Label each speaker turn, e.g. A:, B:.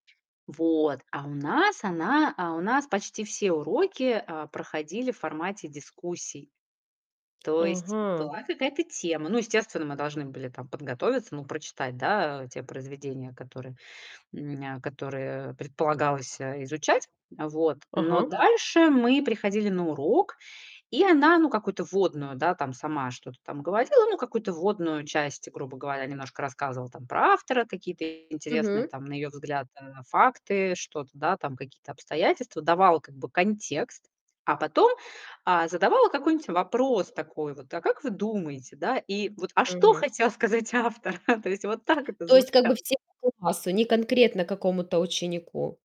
A: Вот, а у нас она а у нас почти все уроки, а, проходили в формате дискуссий. То есть
B: Ага.
A: была какая-то тема. Ну естественно, мы должны были там подготовиться, ну прочитать, да, те произведения, которые, м, нь которые предполагалось, э, изучать. Вот, но
B: Ага.
A: дальше мы приходили на урок, и она, ну какую-то вводную, да, там сама что-то там говорила, ну какую-то вводную часть, грубо говоря, немножко рассказывала, там про автора, какие-то интересные
B: Мгм.
A: там на её взгляд, а, факты, что-то, да, там, какие-то обстоятельства, давала как бы контекст, а потом, а, задавала какой-нибудь вопрос такой вот: "А как вы думаете, да?" И вот: "А что
B: Мгм.
A: хотел сказать автор?" То есть вот так это
B: То есть, как бы,
A: звучало.
B: всему классу, не конкретно какому-то ученику.